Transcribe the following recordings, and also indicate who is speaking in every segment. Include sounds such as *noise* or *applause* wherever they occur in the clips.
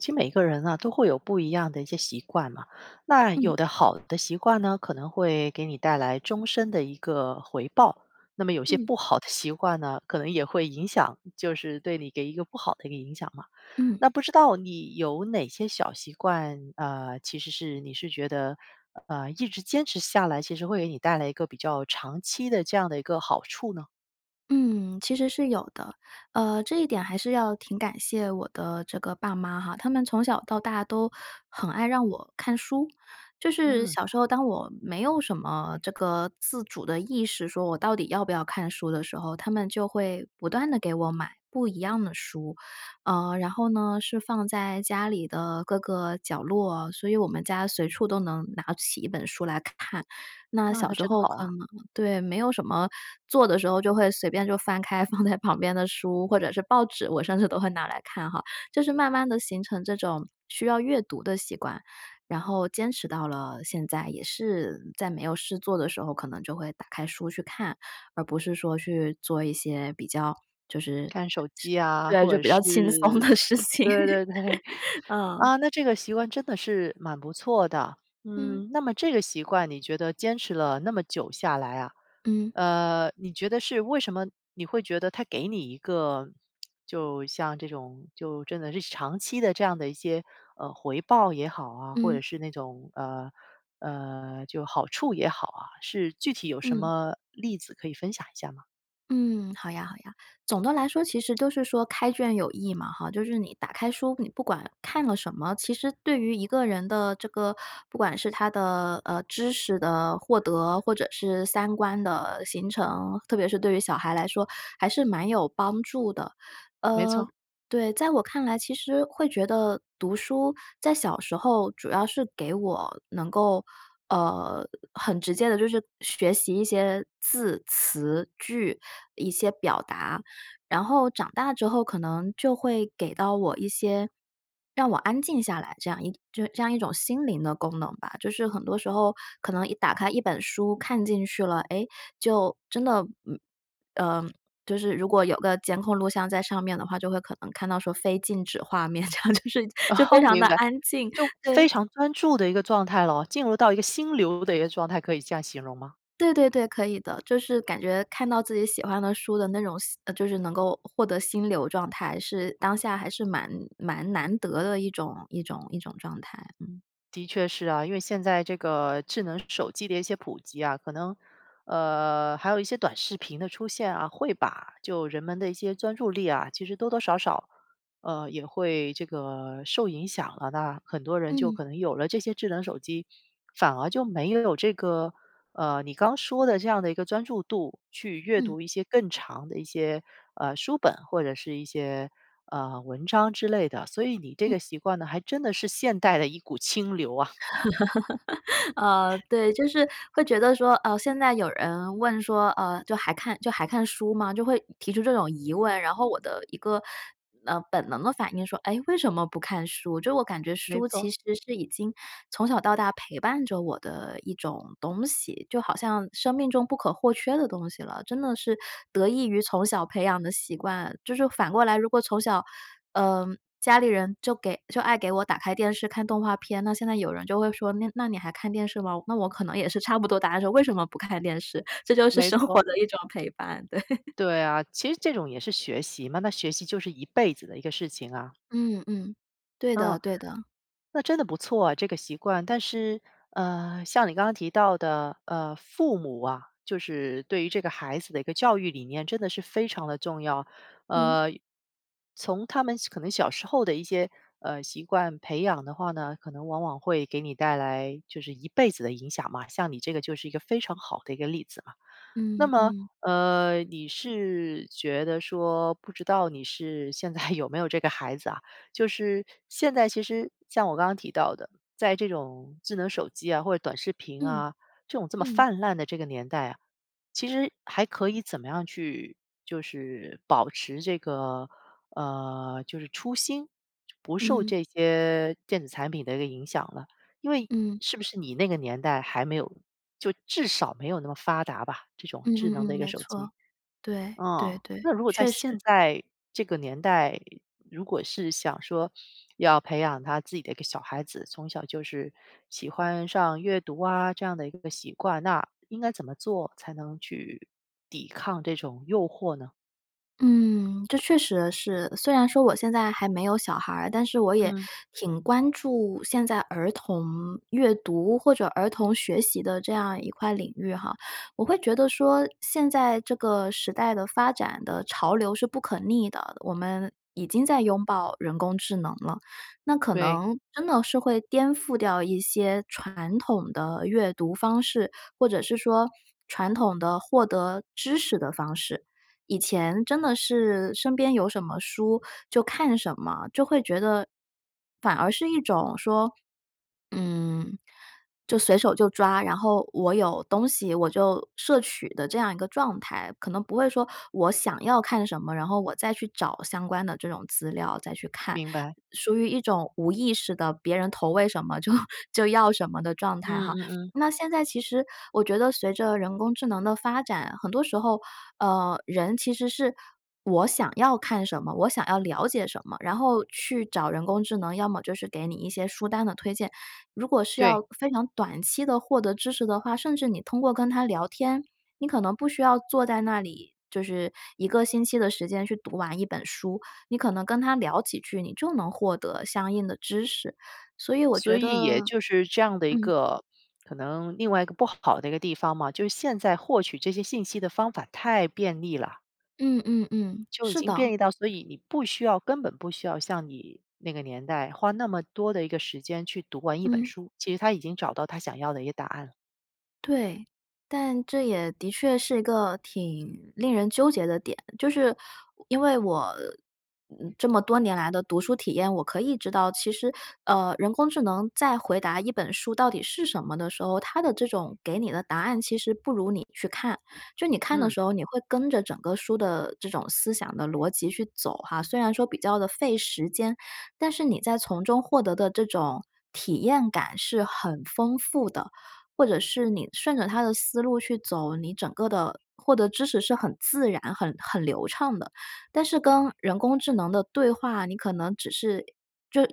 Speaker 1: 其每个人呢都会有不一样的一些习惯嘛，那
Speaker 2: 嗯。
Speaker 1: 有的好的习惯呢，可能会给你带来终身的一个回报，那么有些
Speaker 2: 嗯。
Speaker 1: 不好的习惯呢，可能也会影响，就是对你给一个不好的一个影响嘛。
Speaker 2: 嗯。
Speaker 1: 那不知道你有哪些小习惯，啊，其实是你是觉得，呃，一直坚持下来，其实会给你带来一个比较长期的这样的一个好处呢？
Speaker 2: 嗯，其实是有的。呃，这一点还是要挺感谢我的这个爸妈哈，他们从小到大都很爱让我看书。就是
Speaker 1: 嗯。
Speaker 2: 小时候当我没有什么这个自主的意识说我到底要不要看书的时候，他们就会不断地给我买不一样的书。呃，然后呢，是放在家里的各个角落，所以我们家随处都能拿起一本书来看。那
Speaker 1: 那
Speaker 2: 小
Speaker 1: 他
Speaker 2: 时
Speaker 1: 真
Speaker 2: 候
Speaker 1: 好
Speaker 2: 可
Speaker 1: 啊。
Speaker 2: 能对，没有什么做的时候就会随便就翻开放在旁边的书，或者是报纸，我甚至都会拿来看哈。就是慢慢地形成这种需要阅读的习惯，然后坚持到了现在，也是在没有事做的时候，可能就会打开书去看，而不是说去做一些比较就是
Speaker 1: 看手机呀，
Speaker 2: 对，
Speaker 1: 或
Speaker 2: 就
Speaker 1: 者
Speaker 2: 比较
Speaker 1: 是，
Speaker 2: 轻松的事情。
Speaker 1: 对对对。*chuckles*
Speaker 2: 嗯。
Speaker 1: 啊，那这个习惯真的是蛮不错的。
Speaker 2: 嗯。
Speaker 1: 嗯，那么这个习惯你觉得坚持了那么久下来啊，
Speaker 2: 嗯。
Speaker 1: 呃，你觉得是为什么你会觉得它给你一个 *smacks lips* 就像这种就真的是长期的这样的一些，呃，回报也好啊，或者
Speaker 2: 嗯。
Speaker 1: 是那种，呃，呃，就好处也好啊，是具体有什
Speaker 2: 嗯。
Speaker 1: 么例子可以分享一下吗？
Speaker 2: 嗯，好呀好呀，总的来说其实都是说开卷有益嘛哈，就是你打开书，你不管看了什么，其实对于一个人的这个不管是他的，呃，知识的获得，或者是三观的形成，特别是对于小孩来说，还是蛮有帮助的。
Speaker 1: 没
Speaker 2: 呃，
Speaker 1: 错。
Speaker 2: 对，在我看来，其实会觉得读书在小时候主要是给我能够，呃，很直接地就是学习一些字、词、句，一些表达，然后长大之后可能就会给到我一些，让我安静下来，这样一就这样一种心灵的功能吧，就是很多时候可能一打开一本书看进去了，诶，就真的，嗯，呃，就是如果有个监控录像在上面的话，就会可能看到说非静止画面，这样，就是
Speaker 1: *laughs*
Speaker 2: 就非
Speaker 1: 哦，
Speaker 2: 常地
Speaker 1: 明白，
Speaker 2: 安静，
Speaker 1: 就
Speaker 2: 对。
Speaker 1: 非常专注的一个状态咯，进入到一个心流的一个状态，可以这样形容吗？
Speaker 2: 对对对，可以的，就是感觉看到自己喜欢的书的那种吸呃，就是能够获得心流状态，是当下还是蛮蛮难得的一种一种一种状态。
Speaker 1: 的确是啊。因为现在这个智能手机的一些普及啊，可能，呃，还有一些短视频的出现啊，会把就人们的一些专注力啊，其实多多少少，呃，也会这个受影响了。那很多人就
Speaker 2: 嗯。
Speaker 1: 可能有了这些智能手机，反而就没有这个，呃，你刚说的这样的一个专注度去阅
Speaker 2: 嗯。
Speaker 1: 读一些更长的一些，呃，书本，或者是一些，呃，文章之类的。所以你这
Speaker 2: 嗯。
Speaker 1: 个习惯呢还真的是现代的一股清流啊。
Speaker 2: *laughs* 呃，对。就是会觉得说，呃，现在有人问说，呃，就还看就还看书吗？就会提出这种疑问，然后我的一个，呃，本能的反应说：“诶，为什么不看书？”就我感觉
Speaker 1: 没
Speaker 2: 书其
Speaker 1: 错。
Speaker 2: 实是已经从小到大陪伴着我的一种东西，就好像生命中不可或缺的东西了，真的是得益于从小培养的习惯。就是反过来，如果从小，呃，家里人就给就爱给我打开电视看动画片，那现在有人就会说，那那你还看电视吗？那我可能也是差不多答案，说：“为什么不看电视？”这就是
Speaker 1: 没
Speaker 2: 生活
Speaker 1: 错。
Speaker 2: 的一种陪伴。对。
Speaker 1: 对啊，其实这种也是学习嘛，那学习就是一辈子的一个事情啊。
Speaker 2: 嗯嗯。对的
Speaker 1: 哦，
Speaker 2: 对的。
Speaker 1: 那真的不错啊，这个习惯。但是，呃，像你刚刚提到的，呃，父母啊，就是对于这个孩子的一个教育理念真的是非常地重要。
Speaker 2: 嗯。
Speaker 1: 呃，从他们可能小时候的一些，呃，习惯培养的话呢，可能往往会给你带来就是一辈子的影响嘛，像你这个就是一个非常好的一个例子嘛。那
Speaker 2: 嗯，
Speaker 1: 么，
Speaker 2: 嗯。
Speaker 1: 呃，你是觉得说不知道你是现在有没有这个孩子啊，就是现在其实像我刚刚提到的，在这种智能手机啊、或者短视频
Speaker 2: 嗯。
Speaker 1: 啊，这种这么
Speaker 2: 嗯。
Speaker 1: 泛滥的这个年代啊，其实还可以怎么样去就是保持这个，呃，就是初心，不受
Speaker 2: 嗯。
Speaker 1: 这些电子产品的一个影响呢？因为
Speaker 2: 嗯。
Speaker 1: 是不是你那个年代还没有就至少没有那么发达吧，这种
Speaker 2: 嗯
Speaker 1: 智
Speaker 2: 嗯
Speaker 1: 能的一
Speaker 2: 嗯，
Speaker 1: 个
Speaker 2: 没
Speaker 1: 手机。
Speaker 2: 错。对，对
Speaker 1: 哦，
Speaker 2: 对，
Speaker 1: 那如果在
Speaker 2: 确实。
Speaker 1: 现在这个年代，如果是想说要培养他自己的一个小孩子从小就是喜欢上阅读啊这样的一个习惯，那应该怎么做才能去抵抗这种诱惑呢？
Speaker 2: 嗯，这确实是，虽然说我现在还没有小孩儿，但是我也
Speaker 1: 嗯。
Speaker 2: 挺关注现在儿童阅读或者儿童学习的这样一块领域哈。我会觉得说，现在这个时代的发展的潮流是不可逆的，我们已经在拥抱人工智能了。那可
Speaker 1: 对。
Speaker 2: 能真的是会颠覆掉一些传统的阅读方式，或者是说传统的获得知识的方式。以前真的是身边有什么书就看什么，就会觉得反而是一种说，嗯，就随手就抓，然后我有东西我就摄取的这样一个状态。可能不会说我想要看什么，然后我再去找相关的这种资料再去看。
Speaker 1: 明白。
Speaker 2: 属于一种无意识的别人投喂什么就就要什么的状态
Speaker 1: 嗯
Speaker 2: 哈。
Speaker 1: 嗯嗯。
Speaker 2: 那现在其实我觉得随着人工智能的发展，很多时候，呃，人其实是我想要看什么，我想要了解什么，然后去找人工智能，要么就是给你一些书单的推荐。如果是
Speaker 1: 对。
Speaker 2: 要非常短期地获得知识的话，甚至你通过跟它聊天，你可能不需要坐在那里，就是一个星期的时间去读完一本书。你可能跟他聊几句，你就能获得相应的知识，所以我
Speaker 1: 所
Speaker 2: 觉
Speaker 1: 以也
Speaker 2: 得
Speaker 1: 就是这样的一
Speaker 2: 嗯。
Speaker 1: 个可能另外一个不好的一个地方嘛，就是现在获取这些信息的方法太便利了。
Speaker 2: 嗯嗯嗯。
Speaker 1: 就已
Speaker 2: 是
Speaker 1: 经变
Speaker 2: 的。
Speaker 1: 异到所以你不需要根本不需要像你那个年代花那么多的一个时间去读完一本
Speaker 2: 嗯。
Speaker 1: 书，其实他已经找到他想要的一个答案了。
Speaker 2: 对。但这也的确是一个挺令人纠结的点，就是，我因为我，嗯，这么多年来的读书体验，我可以知道，其实，呃，人工智能在回答一本书到底是什么的时候，它的这种给你的答案其实不如你去看。就你看的
Speaker 1: 嗯。
Speaker 2: 时候，你会跟着整个书的这种思想的逻辑去走哈，虽然说比较地费时间，但是你在从中获得的这种体验感是很丰富的。或者是你顺着它的思路去走，你整个的，获得知识是很自然、很很流畅的。但是跟人工智能的对话，你可能只是，呃，就呃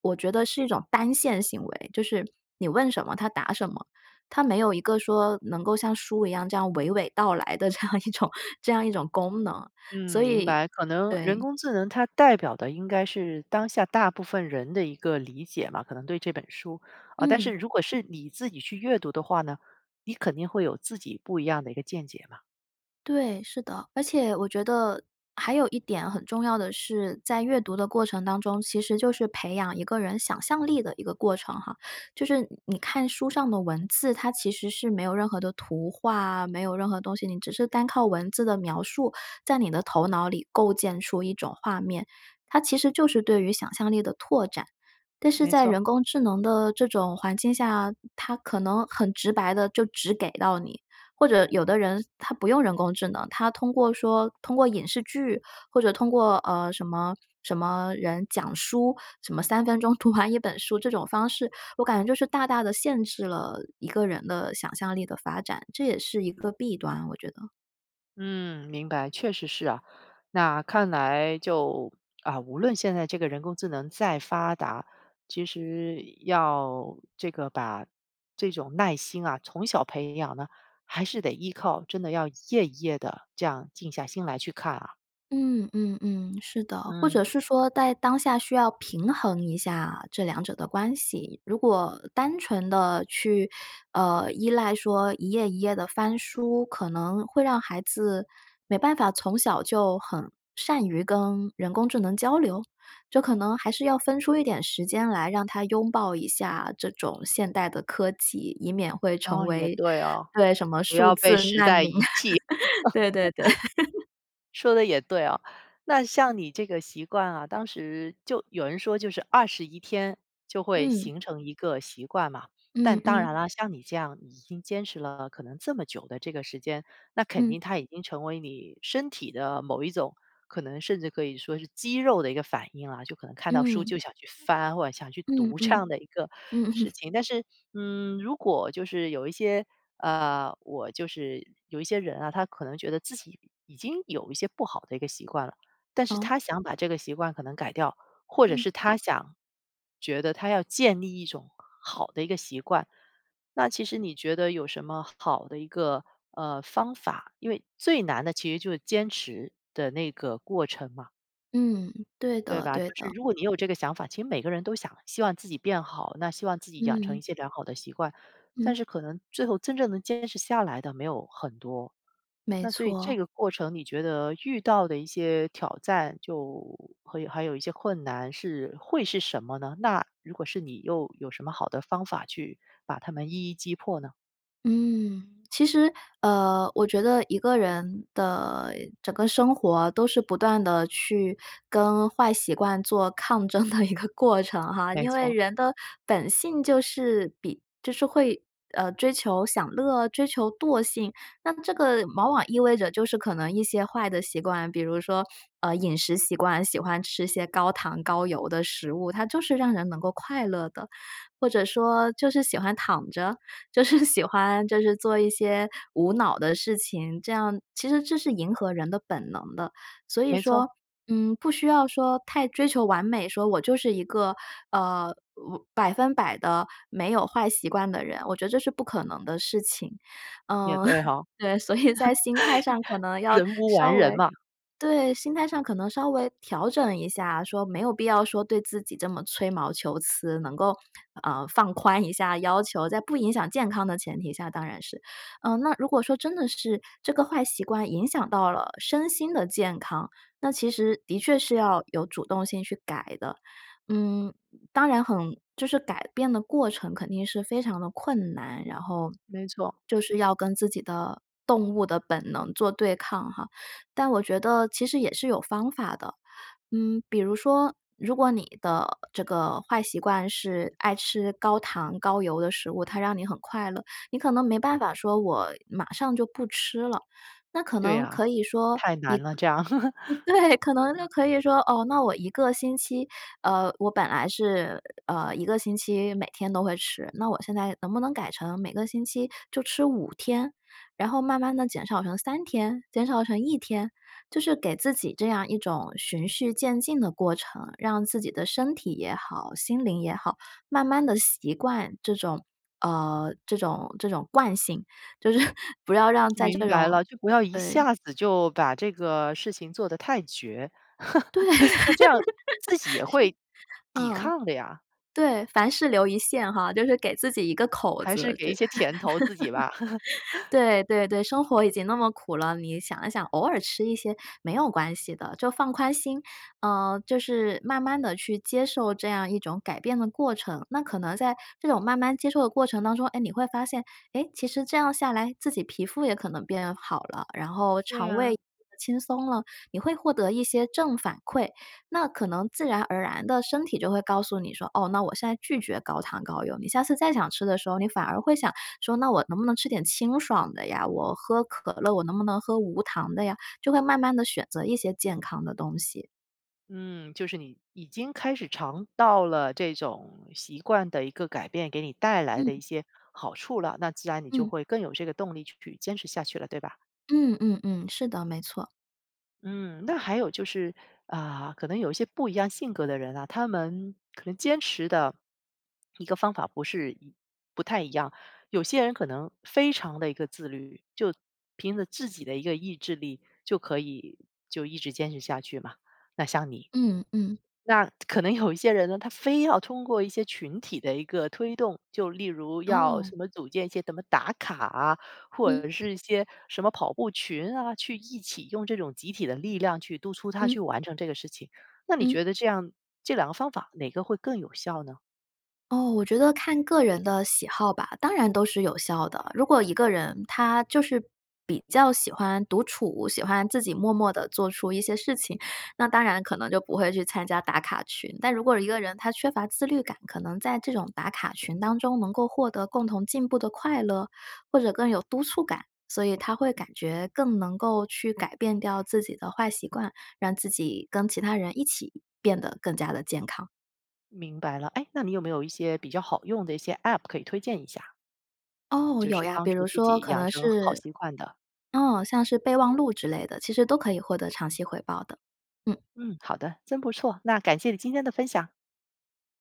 Speaker 2: 我觉得是一种单线行为，就是你问什么它答什么，它没有一个说能够像书一样这样娓娓道来的这样一种，这样一种功能，
Speaker 1: 嗯，
Speaker 2: 所
Speaker 1: 明
Speaker 2: 以
Speaker 1: 白，可能人
Speaker 2: 对。
Speaker 1: 工智能它代表的应该是当下大部分人的一个理解吧，可能对这本书，啊，但是
Speaker 2: 嗯。
Speaker 1: 如果是你自己去阅读的话呢，你肯定会有自己不一样的一个见解嘛。
Speaker 2: 对，是的。而且我觉得还有一点很重要的是，在阅读的过程当中，其实就是培养一个人想象力的一个过程哈。就是你你看书上的文字，它其实是没有任何的图画，没有任何东西，你只是单靠文字的描述，在你的头脑里构建出一种画面，它其实就是对于想象力的拓展。但是
Speaker 1: 没
Speaker 2: 在
Speaker 1: 错。
Speaker 2: 人工智能的这种环境下，它可能很直白地就直给到你，或者有的人他不用人工智能，他通过说通过影视剧或者通过呃，什么什么人讲书，什么3分钟读完1本书这种方式，我感觉就是大大地限制了一个人的想象力的发展，这也是一个弊端，我觉得。
Speaker 1: 嗯，明白，确实是啊，那看来就，啊，无论现在这个人工智能再发达，其实要，这个把这种耐心啊，从小培养呢，还是得依靠真的要一页一页地这样静下心来去看啊。
Speaker 2: 嗯，嗯，嗯，是的。或
Speaker 1: 嗯。
Speaker 2: 者是说在当下需要平衡一下这两者的关系，如果单纯地去，呃，依赖说一页一页地翻书，可能会让孩子没办法从小就很善于跟人工智能交流？这可能还是要分出一点时间来让他拥抱一下这种现代的科技，以免会成
Speaker 1: 哦，也
Speaker 2: 为
Speaker 1: 对哦。
Speaker 2: 对，什么
Speaker 1: 不
Speaker 2: 数
Speaker 1: 要被
Speaker 2: 字
Speaker 1: 时
Speaker 2: 难
Speaker 1: 代
Speaker 2: 民，
Speaker 1: 遗弃。
Speaker 2: *chuckles* 对对对。*chuckles*
Speaker 1: *laughs* 说得也对哦，那像你这个习惯啊，当时就有人说就是21天就会
Speaker 2: 嗯。
Speaker 1: 形成一个习惯嘛，但
Speaker 2: 嗯
Speaker 1: 当
Speaker 2: 嗯。
Speaker 1: 然啦，像你这样已经坚持了可能这么久的这个时间，那肯
Speaker 2: 嗯。
Speaker 1: 定它已经成为你身体的某一种可能甚至可以说是肌肉的一个反应啊，就可能看到书
Speaker 2: 嗯。
Speaker 1: 就想去翻，或者想去
Speaker 2: 嗯
Speaker 1: 读这
Speaker 2: 嗯。
Speaker 1: 样的一个
Speaker 2: 嗯嗯。
Speaker 1: 事情。但是，嗯，如果就是有一些，呃，我就是有一些人啊，他可能觉得自己已经有一些不好的一个习惯了，但是
Speaker 2: 哦？
Speaker 1: 他想把这个习惯可能改掉，或者
Speaker 2: 嗯。
Speaker 1: 是他想觉得他要建立一种好的一个习惯。那其实你觉得有什么好的一个，呃，方法？因为最难的其实就是坚持的那个过程嘛。
Speaker 2: 嗯，对
Speaker 1: 对
Speaker 2: 的
Speaker 1: 吧，就
Speaker 2: 对
Speaker 1: 是
Speaker 2: 的。
Speaker 1: 如果你有这个想法其实每个人都想希望自己变好，那希望自己养成一
Speaker 2: 嗯。
Speaker 1: 些良好的习惯，
Speaker 2: 嗯。
Speaker 1: 但是可能最后真正能坚持下来的没有很多。
Speaker 2: 没
Speaker 1: 那所以这
Speaker 2: 错。
Speaker 1: 个过程你觉得遇到的一些挑战就会还有一些困难是会是什么呢？那如果是你又有什么好的方法去把他们一一击破呢？
Speaker 2: 嗯，其实，呃，我觉得一个人的整个生活都是不断地去跟坏习惯做抗争的一个过程哈。
Speaker 1: 没
Speaker 2: 因为
Speaker 1: 错。
Speaker 2: 人的本性就是比就是会，呃，追求享乐，追求惰性。那这个往往意味着就是可能一些坏的习惯，比如说，呃，饮食习惯，喜欢吃一些高糖高油的食物，它就是让人能够快乐的。或者说就是喜欢躺着，就是喜欢就是做一些无脑的事情，这样其实这是迎合人的本能的。所以
Speaker 1: 没错。
Speaker 2: 说，嗯，不需要说太追求完美，说我就是一个，呃呜100%的没有坏习惯的人，我觉得这是不可能的事情。
Speaker 1: 也
Speaker 2: 嗯，
Speaker 1: 对哈。*laughs*
Speaker 2: *laughs* 对，所以在心态上可能要
Speaker 1: 人无
Speaker 2: 稍
Speaker 1: 完人
Speaker 2: 微
Speaker 1: 嘛。
Speaker 2: 对，心态上可能稍微调整一下，说没有必要说对自己这么吹毛求疵，能够，呃，放宽一下要求，在不影响健康的前提下，当然是。嗯，那如果说真的是这个坏习惯影响到了身心的健康，那其实的确是要有主动性去改的，嗯，当然很就是改变的过程肯定是非常地困难，然后，
Speaker 1: 没错。
Speaker 2: 就是要跟自己的动物的本能做对抗哈。但我觉得其实也是有方法的，嗯，比如说如果你的这个坏习惯是爱吃高糖高油的食物，它让你很快乐，你可能没办法说我马上就不吃了。那可
Speaker 1: 对
Speaker 2: 能
Speaker 1: 呀，
Speaker 2: 可以说
Speaker 1: 太难了，这样。
Speaker 2: 你
Speaker 1: *laughs*
Speaker 2: 对，可能就可以说，哦，那我1个星期呃，我本来是，呃，1个星期每天都会吃，那我现在能不能改成每个星期就吃5天，然后慢慢地减少成3天，减少成1天，就是给自己这样一种循序渐进的过程，让自己的身体也好，心灵也好，慢慢地习惯这种，呃，这种这种惯性，就是不要让在
Speaker 1: 明
Speaker 2: 这
Speaker 1: 白
Speaker 2: 种，
Speaker 1: 了，就不要一
Speaker 2: 呃
Speaker 1: 下子就把这个事情做得太绝。
Speaker 2: 对。
Speaker 1: *laughs*
Speaker 2: *laughs* 是，
Speaker 1: 那这样自己也会抵
Speaker 2: 嗯，
Speaker 1: 抗的呀。
Speaker 2: 对，凡事留一线哈，就是给自己一个口
Speaker 1: 还是
Speaker 2: 子
Speaker 1: 给
Speaker 2: 这。
Speaker 1: 一些甜头自己吧。
Speaker 2: *laughs*
Speaker 1: *laughs*
Speaker 2: 对，对对，生活已经那么苦了，你想一想，偶尔吃一些没有关系的，就放宽心。呃，就是慢慢地去接受这样一种改变的过程，那可能在这种慢慢接受的过程当中，哎，你会发现，哎，其实这样下来自己皮肤也可能变好了，然后
Speaker 1: 对
Speaker 2: 肠胃，
Speaker 1: 呀。
Speaker 2: 轻松了，你会获得一些正反馈，那可能自然而然地身体就会告诉你说，哦，那我现在拒绝高糖高油，你下次再想吃的时候，你反而会想，说：“那我能不能吃点清爽的呀？我喝可乐，我能不能喝无糖的呀？“就会慢慢地选择一些健康的东西。
Speaker 1: 嗯，就是你已经开始尝到了这种习惯的一个改变给你带来的
Speaker 2: 嗯。
Speaker 1: 一些好处了，那自然你就
Speaker 2: 嗯。
Speaker 1: 会更有这个动力去坚持下去了，对吧？
Speaker 2: 嗯嗯嗯，是的，没错。
Speaker 1: 嗯，那还有就是，啊，可能有一些不一样性格的人啊，他们可能坚持的一个方法不是一不太一样。有些人可能非常的一个自律，就凭着自己的一个意志力，就可以就一直坚持下去嘛，那像你。
Speaker 2: 嗯，嗯。
Speaker 1: 那可能有一些人呢，他非要通过一些群体的一个推动，就例如要
Speaker 2: 哦。
Speaker 1: 什么组建一些什么打卡啊，或
Speaker 2: 嗯。
Speaker 1: 者是一些什么跑步群啊，去一起用这种集体的力量去督促他去
Speaker 2: 嗯。
Speaker 1: 完成这个事情。那你
Speaker 2: 嗯。
Speaker 1: 觉得这样这两个方法哪个会更有效呢？
Speaker 2: 哦，我觉得看个人的喜好吧，当然都是有效的。如果一个人他就是比较喜欢独处，喜欢自己默默地做出一些事情，那当然可能就不会去参加打卡群。但如果一个人他缺乏自律感，可能在这种打卡群当中能够获得共同进步的快乐，或者更有督促感，所以他会感觉更能够去改变掉自己的坏习惯，让自己跟其他人一起变得更加地健康。
Speaker 1: 明白了。诶，那你有没有一些比较好用的一些 App 可以推荐一下？
Speaker 2: 哦，
Speaker 1: 就
Speaker 2: 有
Speaker 1: 是
Speaker 2: 呀，
Speaker 1: 帮
Speaker 2: 比
Speaker 1: 助
Speaker 2: 如
Speaker 1: 自
Speaker 2: 说
Speaker 1: 己
Speaker 2: 可
Speaker 1: 养
Speaker 2: 能
Speaker 1: 成好
Speaker 2: 是
Speaker 1: 习惯的。
Speaker 2: 嗯，像是备忘录之类的，其实都可以获得长期回报的，嗯。
Speaker 1: 嗯，好的，真不错，那感谢你今天的分享。